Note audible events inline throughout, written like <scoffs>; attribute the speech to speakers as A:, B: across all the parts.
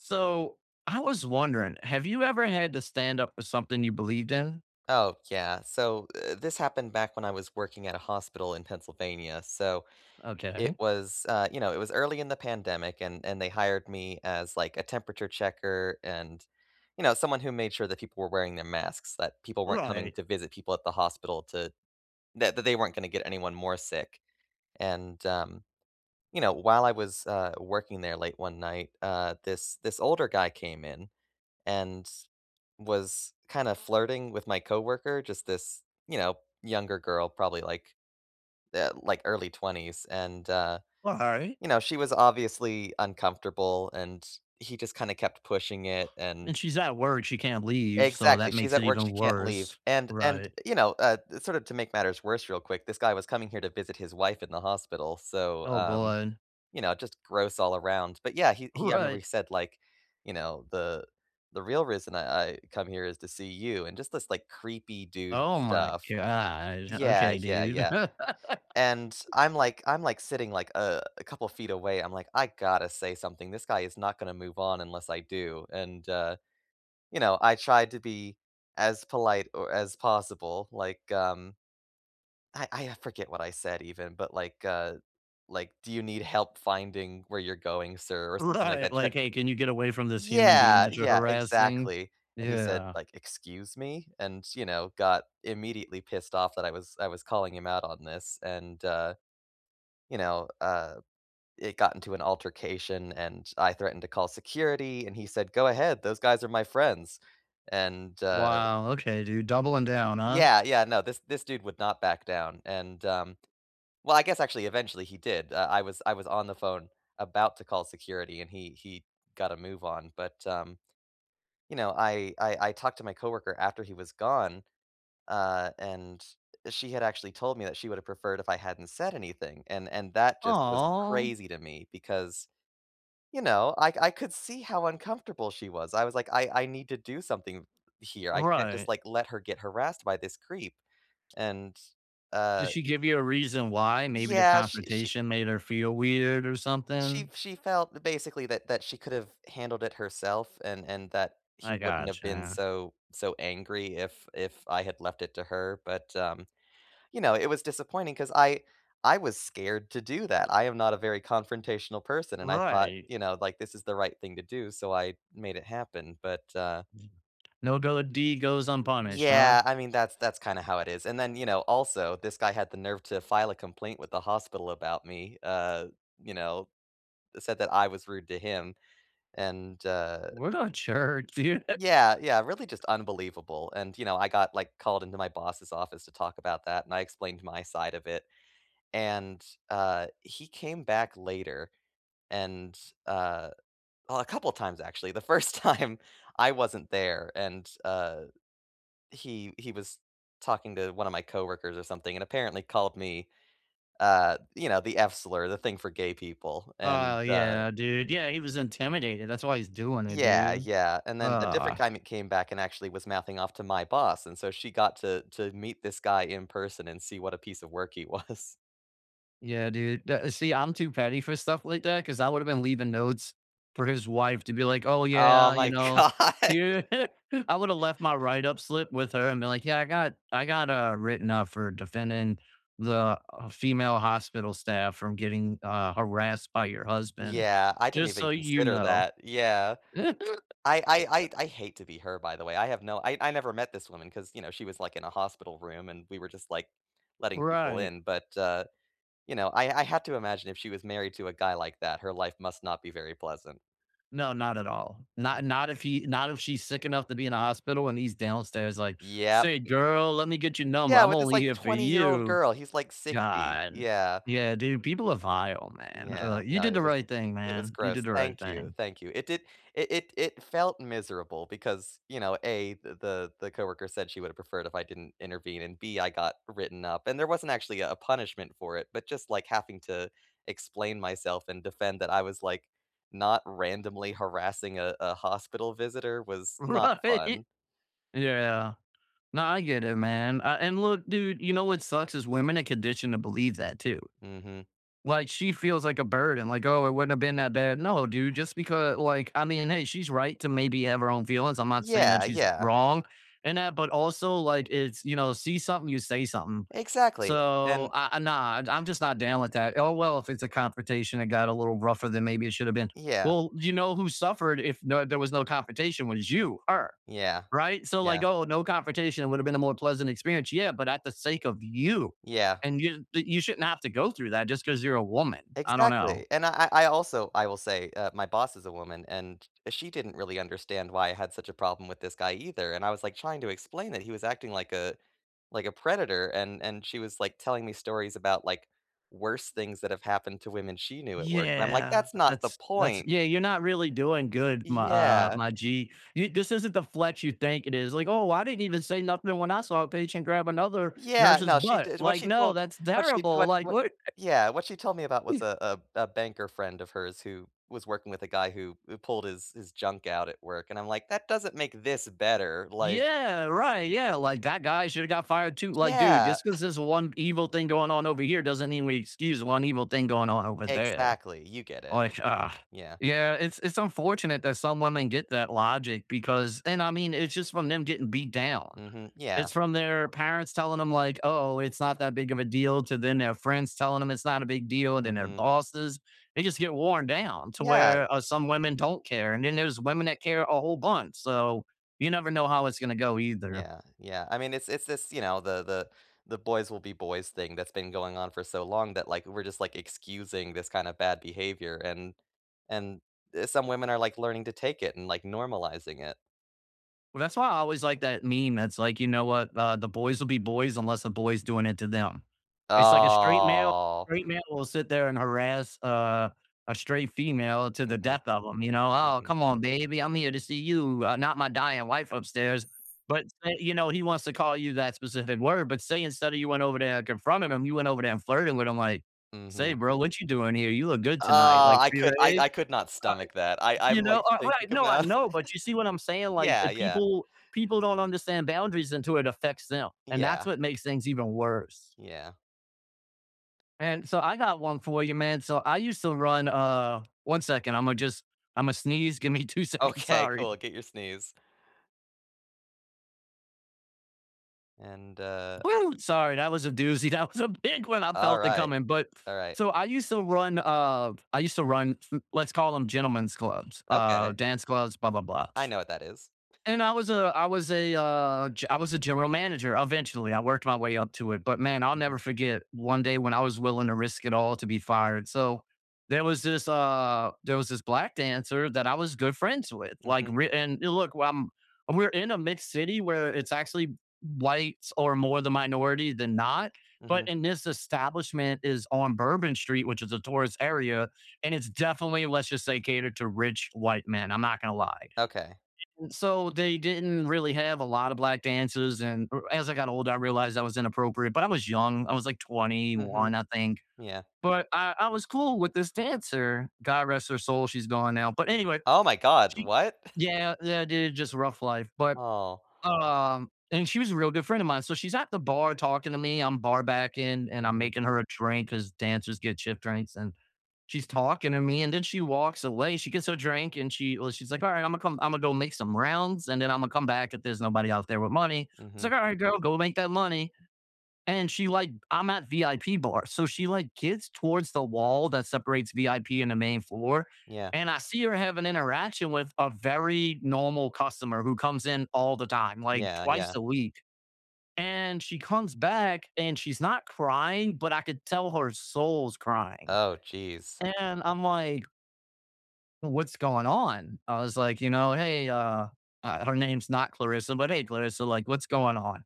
A: So, I was wondering, have you ever had to stand up for something you believed in?
B: Oh, yeah, so, eh, this happened back when I was working at a hospital in Pennsylvania. So, it
A: Okay.
B: was, uh, you know, it was early in the pandemic, and and they hired me as, like, a temperature checker and, you know, someone who made sure that people were wearing their masks, that people weren't coming
A: Right.
B: to visit people at the hospital to th that they weren't gonna get anyone more sick. And, um, you know, while I was, uh, working there late one night, uh, this this older guy came in, and was kinda flirting with my coworker, just this, you know, younger girl, probably, like uh, like, early 20s and, uh,
A: Alright.
B: you know, she was obviously uncomfortable, and he just kinda kept pushing it,
A: <scoffs>
B: and
A: And she's at work, she can't leave, so
B: Exactly,
A: that
B: she's
A: makes
B: at
A: it
B: work,
A: even
B: she can't leave,
A: worse.
B: and and,
A: Right.
B: you know, uh, sorta to make matters worse real quick, this guy was coming here to visit his wife in the hospital, so,
A: Oh,
B: um,
A: god.
B: you know, just gross all around. But, yeah, he he I remember
A: Right.
B: he said, like, you know, "The the real reason I I come here is to see you," and just this, like, creepy dude
A: Oh my
B: stuff.
A: god,
B: Yeah,
A: okay,
B: yeah,
A: dude.
B: yeah.
A: <laughs>
B: And I'm like I'm like, sitting, like, uh, a couple feet away. I'm like, "I gotta say something. This guy is not gonna move on unless I do." And, uh, you know, I tried to be as polite or as possible. Like, um I I forget what I said even, but, like, uh like, "Do you need help finding where you're going, sir?" or something like
A: Right,
B: that try
A: like, "Hey, can you get away from this human being
B: Yeah,
A: that you're
B: yeah,
A: harassing?"
B: exactly. And he said,
A: Yeah.
B: like, "Excuse me?" and, you know, got immediately pissed off that I was I was calling him out on this, and, uh, you know, uh, it got into an altercation, and I threatened to call security, and he said, "Go ahead, those guys are my friends." And, uh
A: Wow, okay, dude, doubling down, huh?
B: Yeah, yeah, no, this this dude would not back down, and, um well, I guess, actually, eventually, he did, uh, I was I was on the phone about to call security, and he he got a move on, but, um, you know, I I I talked to my coworker after he was gone, uh, and she had actually told me that she would have preferred if I hadn't said anything, and and that just was
A: Aw.
B: crazy to me because, you know, I I could see how uncomfortable she was. I was like, "I I need to do something here. I can't just,
A: Right.
B: like, let her get harassed by this creep," and,
A: Did
B: uh
A: she give you a reason why? Maybe the
B: Yeah, she she
A: confrontation made her feel weird, or
B: She
A: something?
B: she felt basically that that she could've handled it herself and and that he
A: I
B: wouldn't have been
A: gotcha.
B: so so angry if if I had left it to her, but, um, you know, it was disappointing 'cause I I was scared to do that. I am not a very confrontational person, and I thought,
A: Right.
B: you know, like, this is the right thing to do, so I made it happen but, uh
A: No go deed goes unpunished, huh?
B: Yeah, I mean, that's that's kinda how it is, and then, you know, also, this guy had the nerve to file a complaint with the hospital about me, uh, you know, said that I was rude to him. And, uh
A: What a jerk, dude. <chuckles>
B: Yeah, yeah, really just unbelievable, and you know I got, like, called into my boss's office to talk about that, and I explained my side of it. And, uh, he came back later and, uh- well, a couple times actually- the first time, I wasn't there, and, uh, he he was talking to one of my coworkers, or something, and apparently called me, uh, you know, the F slur, the thing for gay people. And,
A: Oh,
B: uh
A: yeah, dude. Yeah, he was intimidated, that's why he's doing it,
B: Yeah,
A: dude.
B: yeah, and
A: <groans>
B: then a different time he came back and actually was mouthing off to my boss, and so she got to to meet this guy in person, and see what a piece of work he was.
A: Yeah, dude, d see, I'm too petty for stuff like that 'cause I woulda been leaving notes for his wife to be like, "Oh
B: Oh
A: yeah,"
B: my
A: you know,
B: god.
A: "here"
B: <chuckles>
A: <laughs> I woulda left my write-up slip with her, and been like, "Yeah, I got I got," uh, "written up for defending the female hospital staff from getting," uh, "harassed by your husband.
B: Yeah, I didn't
A: Just
B: even
A: so you
B: consider
A: know."
B: that, yeah. I I
A: <chuckles>
B: I I'd hate to be her, by the way, I have no I I never met this woman 'cause, you know, she was, like, in a hospital room, and we were just, like, letting people
A: Right.
B: in, but, uh, you know, I I have to imagine if she was married to a guy like that, her life must not be very pleasant.
A: No, not at all, not not if he not if she's sick enough to be in a hospital, and he's downstairs like,
B: Yep.
A: "Say, girl, let me get your number,
B: Yeah,
A: I'm
B: with this,
A: only
B: like,
A: here for
B: twenty-year-old
A: you."
B: girl, he's like, 60,
A: God.
B: yeah.
A: Yeah, dude, people are vile, man,
B: Yeah,
A: ugh. You
B: no,
A: did
B: it
A: the
B: was
A: right thing,
B: it was
A: man. You did
B: gross.
A: the right
B: Thank you,
A: thing.
B: thank you. It did it it it felt miserable because, you know, A, th the the coworker said she would've preferred if I didn't intervene, and, B, I got written up. And there wasn't actually a punishment for it, but just, like, having to explain myself, and defend that I was, like, not randomly harassing a a hospital visitor, was not fun.
A: Right. Yeah. Nah, I get it man, uh, and look, dude, you know what sucks is women are conditioned to believe that, too.
B: Mhm.
A: Like, she feels like a burden, like, "Oh, it wouldn't have been that bad." No, dude, just because like I mean hey, she's right to maybe have her own feelings, I'm not saying that
B: Yeah,
A: she's
B: yeah.
A: wrong in that, but also, like, it's, you know see something, you say something.
B: Exactly,
A: So,
B: and
A: ah, nah, I'm just not down with that. Oh well, if it's a confrontation, it got a little rougher than maybe it shoulda been.
B: Yeah.
A: Well, you know, who suffered if no there was no confrontation, was you her,
B: Yeah,
A: right? So,
B: yeah.
A: like, oh, no confrontation woulda been a more pleasant experience yeah, but at the sake of you,
B: Yeah.
A: and you you shouldn't have to go through that just 'cause you're a woman. I don't
B: Exactly,
A: know.
B: and I I I also, I will say, uh, my boss is a woman, and she didn't really understand why I had such a problem with this guy either, and I was, like, trying to explain that he was acting like a like a predator, and and she was, like, telling me stories about, like, worse things that have happened to women she knew at work, and I'm like,
A: Yeah,
B: "That's not the
A: that's that's
B: point."
A: Yeah, you're not really doing good my uh,
B: Yeah.
A: my g. Y this isn't the flex you think it is, like, "Oh, I didn't even say nothing when I saw a patient grab another
B: Yeah,
A: nurse's
B: no she
A: butt."
B: did what
A: Like
B: she
A: "No,
B: told
A: that's
B: what she
A: terrible,"
B: w
A: like,
B: what
A: "What?" <chuckles>
B: yeah, what she told me about was, uh uh, a banker friend of hers who was working with a guy who who pulled his his junk out at work, and I'm like, "That doesn't make this better," like
A: Yeah, right, yeah, like, that guy shoulda got fired too like, dude,
B: Yeah.
A: just 'cause
B: <scoffs>
A: there's one evil thing going on over here doesn't mean we excuse one evil thing going on over there.
B: Exactly, you get it.
A: Like, ugh,
B: Yeah.
A: yeah, it's it's unfortunate that some women get that logic because and, I mean, it's just from them getting beat down.
B: Mhm, yeah.
A: It's from their parents telling 'em, like, "Oh, it's not that big of a deal," to then their friends telling them it's not a big deal, then their
B: Mhm.
A: bosses. They just get worn down to
B: Yeah.
A: where, uh, some women don't care, and then there's women that care a whole bunch, so you never know how it's gonna go either.
B: Yeah, yeah, I mean, it's it's it's, you know, the the the boys will be boys thing that's been going on for so long that, like, we're just, like, excusing this kind of bad behavior, and and some women are, like, learning to take it and, like, normalizing it.
A: Well, that's why I always liked that meme, that's, like, you know what? Uh, "The boys will be boys unless a boy's doing it to them." It's like a straight male
B: Oh.
A: straight male will sit there and harass, uh, a straight female to the
B: Mhm,
A: death of him, you know? "Oh,
B: mhm.
A: come on, baby. I'm here to see you, uh, not my dying wife upstairs." But, say, you know, he wants to call you that specific word. But, say, instead of you went over there and confronted him, you went over there and flirted with him, like, "Say,
B: Mhm.
A: bro, what you doing here? You look good tonight.
B: Ah!
A: Like"
B: I could I
A: Right?
B: I could not
A: Uh eh
B: stomach that. I I'm,
A: you
B: like,
A: know, uh,
B: thinking
A: right, no, I
B: about
A: know, but you see what I'm
B: <laughs>
A: saying? Like,
B: Yeah,
A: if
B: yeah.
A: people people don't understand boundaries until it affects them. And that's
B: Yeah.
A: what makes things even worse.
B: Yeah.
A: And so, I got one for you, man. So, I used to run, uh 1 second. Imma just Imma sneeze. Give me two seconds.
B: Okay,
A: Sorry.
B: cool. Get your sneeze. And, uh
A: Whoo! Sorry, that was a doozy. That was a big one! I felt it
B: Alright,
A: coming. But
B: alright.
A: so I used to run, uh, I used to run m let's call 'em gentlemen's clubs, uh,
B: Okay.
A: dance clubs, blah, blah, blah.
B: I know what that is.
A: And I
B: <chuckles>
A: was a I was a, uh, g I was a general manager eventually. I worked my way up to it. But, man, I'll never
B: Mhm.
A: forget one day when I was willing to risk it all to be fired. So, there was this, uh, there was this black dancer that I was good friends with. Like,
B: Mhm.
A: re and a look, um, we're in a mixed city, where it's actually whites are more the minority than not, but
B: Mhm.
A: and this establishment is on Bourbon Street, which is a tourist area, and it's definitely, let's just say, catered to rich, white men. I'm not gonna lie.
B: Okay.
A: E so, they didn't really have a lotta black dancers. And, er, as I got older, I realized that was inappropriate, but I was young. I was, like,
B: Mhm.
A: 21, I think.
B: Yeah.
A: But I I was cool with this dancer. God rest her soul. She's gone now. But, anyway,
B: Oh, my god.
A: she
B: What? <scoffs>
A: yeah, yeah, dude, just rough life. But,
B: Oh.
A: um, and she was a real good friend a mine. So, she's at the bar talking to me. I'm bar backing, and I'm
B: Mhm.
A: making her a drink, 'cause dancers get shift drinks, and she's talking to me, and then she walks away. She gets her drink, and she well, she's like, "Alright, Imma come Imma go make some rounds, and then Imma come back if there's nobody out there with money." So,
B: Mhm.
A: then I go, "Go make that money." And she like I'm at VIP bars. So, she, like, gets towards the wall that separates VIP and the main floor.
B: Yeah.
A: And I see her have an interaction with a very normal customer who comes in all the time, like,
B: Yeah,
A: twice
B: yeah.
A: a week. And she comes back, and she's not crying, but I could tell her soul's crying.
B: Oh, jeez.
A: And I'm, like "What's going on?" I was, like, you know, "Hey," uh, uh, her name's not Clarissa, but "Hey, Clarissa, like, what's going on?"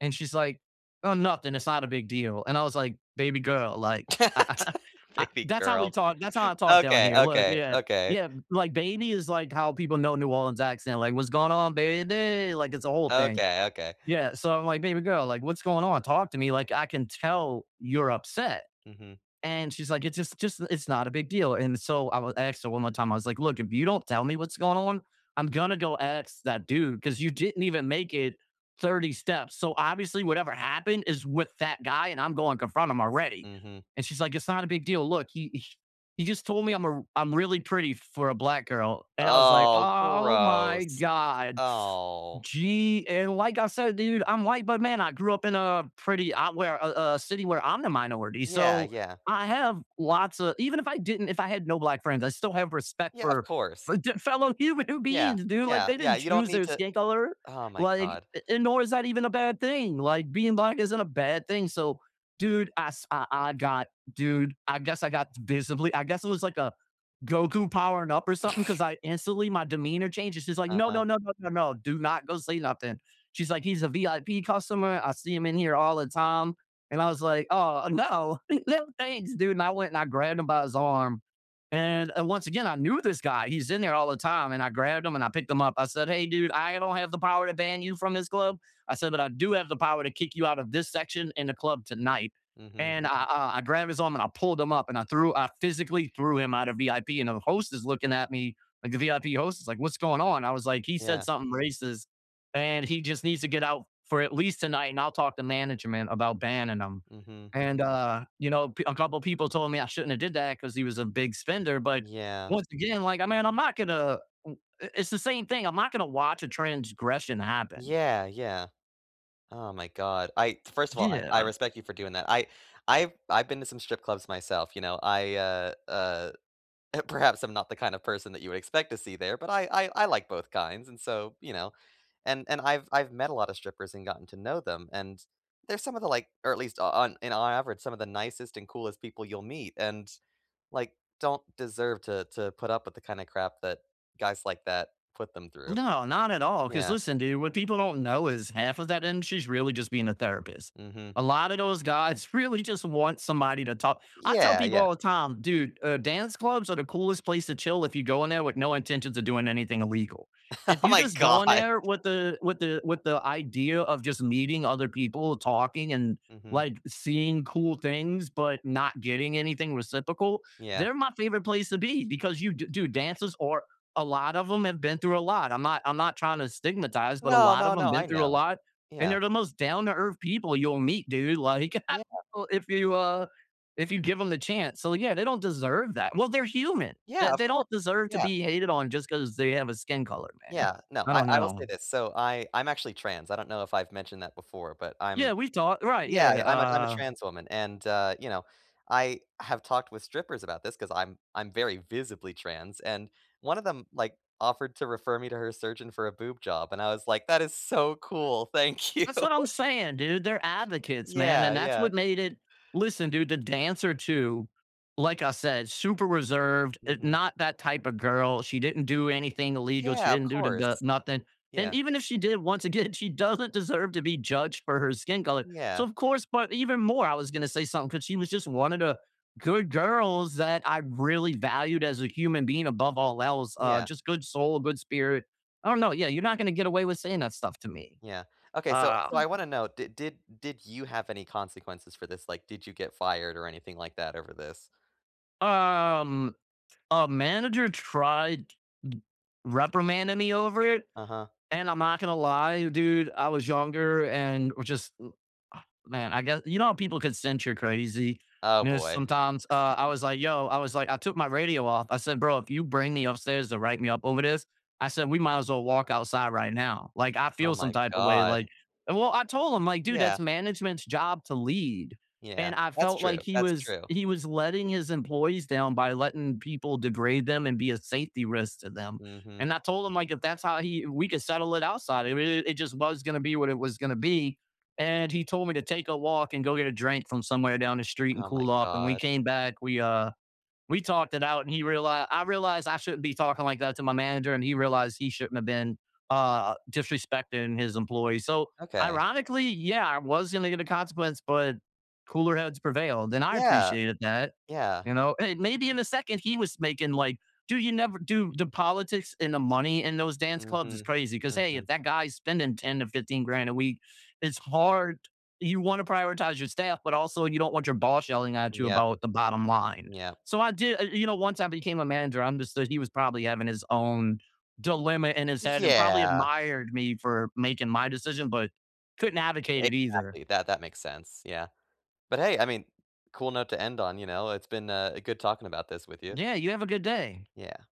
A: And she's, like, "Oh, nothing, it's not a big deal." And I was, like, "Baby girl," like <chuckles>
B: <laughs>
A: uh,
B: Baby
A: that's how we
B: girl.
A: talk that's how I talk down
B: Okay,
A: here. Look,
B: okay,
A: yeah,
B: okay.
A: yeah. Like, baby is, like, how people know New Orleans accent. Like, "What's going on, baby!" Like, it's a whole thing.
B: Okay, okay.
A: Yeah. So, I'm like, "Baby girl," like, "What's going on? Talk to me." Like, "I can tell you're upset."
B: Mhm.
A: And she's, like, "It's just just it's not a big deal." And so, I w asked her one more time. I was like, "Look, If you don't tell me what's going on, I'm gonna go ask that dude, 'cause you didn't even make it 30 steps. So, obviously, whatever happened is with that guy, and I'm going confront him already."
B: Mhm.
A: And she's, like, "It's not a big deal. Look. He he he just told me I'm a I'm really pretty for a black girl." And I was like,
B: Oh,
A: "Oh my
B: gross.
A: god!" <scoffs>
B: Oh.
A: Gee, and like I said, dude, I'm white, but, man, I grew up in a pretty uh, where a a city where I'm the minority.
B: Yeah,
A: So,
B: yeah.
A: I have lots a even if I didn't if I had no black friends, I still have respect
B: Yeah, of
A: for
B: course.
A: for the fellow human
B: Yeah.
A: beings, dude! Like,
B: Yeah,
A: they
B: yeah.
A: didn't
B: You don't
A: choose
B: need
A: their
B: to
A: skin color.
B: oh, my
A: Like
B: god.
A: a and nor is that even a bad thing. Like, being black isn't a bad thing. So, dude, I s I I got dude, I guess I got visibly I guess it was like a Goku powering up or something, 'cause
B: <scoffs>
A: I instantly, my demeanor changed. And she's like, "No,
B: Uh-huh.
A: no, no, no, no, no. Do not go say nothing." She's like, "He's a VIP customer. I see him in here all the time." And I was, like, "Oh, no. No thanks, dude." And I went and I grabbed him by his arm. And, uh, once again, I knew this guy. He's in there all the time, and I grabbed him, and I picked him up. I said, "Hey, dude, I don't have the power to ban you from this club." I said, "But I do have the power to kick you out of this section in the club tonight."
B: Mhm.
A: And I I I grab his arm, and I pulled him up, and I threw I physically threw him out of VIP. And the host is looking at me, like, the VIP host is, like, "What's going on?" I was like, "He said
B: Yeah.
A: something racist, and he just needs to get out for at least tonight, and I'll talk to management about banning him."
B: Mhm.
A: And, uh, you know, pe a couple people told me I shouldn't have did that because he was a big spender. But,
B: Yeah.
A: once again, like, I mean, I'm not gonna i i it's the same thing. I'm not gonna watch a transgression happen.
B: Yeah, yeah. Oh, my god. I first of all, I I
A: Yeah.
B: respect you for doing that. I I've I've been to some strip clubs myself. You know? I, uh, uh, uh, perhaps I'm not the kind of person that you would expect to see there, but I I I like both kinds. And so, you know? And and I've I've met a lot of strippers and gotten to know them, and they're some of the, like or at least o on in on average, some of the nicest and coolest people you'll meet and, like, don't deserve to to put up with the kinda crap that guys like that put them through.
A: No. Not at all, 'cause
B: Yeah.
A: listen, dude. What people don't know is half of that industry is really just being a therapist.
B: Mhm.
A: A lotta those guys really just want somebody to talk I tell
B: Yeah,
A: people
B: yeah.
A: all the time, dude, uh, dance clubs are the coolest place to chill if you go in there with no intentions of doing anything illegal. If
B: Oh,
A: you
B: my
A: just go in
B: god.
A: there with the with the with the idea of just meeting other people, talking, and,
B: Mhm.
A: like, seeing cool things, but not getting anything reciprocal,
B: Yeah.
A: they're my favorite place to be. Because you d dude, dancers are a lot of 'em have been through a lot. I'm not I'm not tryna stigmatize, but a
B: No,
A: lot
B: no,
A: of 'em
B: no,
A: been
B: I
A: through a
B: know.
A: lot. And
B: Yeah.
A: they're the most down-to-earth people you'll meet, dude. Like
B: Yeah.
A: <chuckles> so if you, uh, if you give 'em the chance. So, yeah, they don't deserve that. Well, they're human.
B: Yeah,
A: They
B: of
A: they
B: course.
A: don't deserve to
B: Yeah.
A: be hated on just 'cause they have a skin color, man.
B: Yeah. No.
A: I
B: I
A: don't
B: I will say
A: know.
B: this. So, I I'm actually trans. I don't know if I've mentioned that before, but I'm
A: Yeah. We talked right. Yeah,
B: Yeah, I'm a I'm a
A: uh
B: trans woman. And, uh, you know, I have talked with strippers about this 'cause I'm I'm very visibly trans, and one of them, like, offered to refer me to her surgeon for a boob job, and I was, like, "That is so cool. Thank you!"
A: That's what I'm saying, dude. They're advocates, man.
B: Yeah,
A: And that's
B: yeah.
A: what made it listen, dude, the dancer too, like I said, super reserved, eh,
B: Mhm.
A: not that type a girl. She didn't do anything illegal. She
B: Yeah, of
A: didn't do the the
B: course.
A: nothing. And
B: Yeah.
A: even if she did, once again, she doesn't deserve to be judged for her skin color. So,
B: Yeah.
A: of course but even more, I was gonna say something 'cause she was just one of the good girls that I really valued as a human being above all else. Uh,
B: Yeah.
A: just good soul, a good spirit. I don't know. Yeah, you're not gonna get away with saying that stuff to me.
B: Yeah. Okay, so
A: Uh
B: so I wanna know, did did did you have any consequences for this? Like, did you get fired or anything like that over this?
A: Um, a manager tried reprimanding me over it,
B: Uh-huh.
A: and I'm not gonna lie, dude, I was younger and which is uh ah man, I gue You know how people can sense you're crazy?
B: Oh
A: And then
B: boy.
A: sometimes, uh, I was
B: <chuckles>
A: like, "Yo" I was like, "I took my radio off," I said, "Bro, if you bring me upstairs to write me up over this," I said, "We might as well walk outside right now, like, I
B: Oh
A: feel some
B: my
A: type of way,
B: god.
A: like" And well, I told him, like, "Dude,
B: Yeah.
A: that's management's job to lead,"
B: Yeah,
A: and I
B: that's
A: felt
B: true,
A: like he
B: that's
A: was
B: true.
A: he was letting his employees down by letting people degrade them and be a safety risk to them,
B: Mhm.
A: and I told him, like, "If that's how he we could settle it outside, it <unintelligible> it just was gonna be what it was gonna be," and he told me to take a walk and go get a drink from somewhere down the street and
B: Oh my
A: cool off, and we
B: god.
A: came back, we, uh, we talked it out, and he reali I realized I shouldn't be talking like that to my manager, and he realized he shouldn't have been, uh, disrespecting his employees, so,
B: Okay.
A: ironically, yeah, I was gonna get a consequence, but cooler heads prevailed, and I
B: Yeah,
A: appreciated that,
B: yeah.
A: you know? And maybe in a second, he was making, like, "Dude, you never" dude, the politics and the money in those dance clubs is
B: Mhm.
A: crazy, 'cause, hey, if
B: Mhm.
A: that guy's spending 10 to 15 grand a week, it's hard you wanna prioritize your staff, but also, you don't want your boss yelling at you
B: Yeah.
A: about the bottom line.
B: Yeah.
A: So, I did uh, you know, once I became a manager, I understood he was probably having his own dilemma in his head and probably
B: Yeah.
A: admired me for making my decision, but couldn't advocate it either.
B: Exactly, that that makes sense, yeah, but, hey, I mean, cool note to end on, you know, it's been, uh, a good talking about this with you.
A: Yeah, you have a good day.
B: Yeah.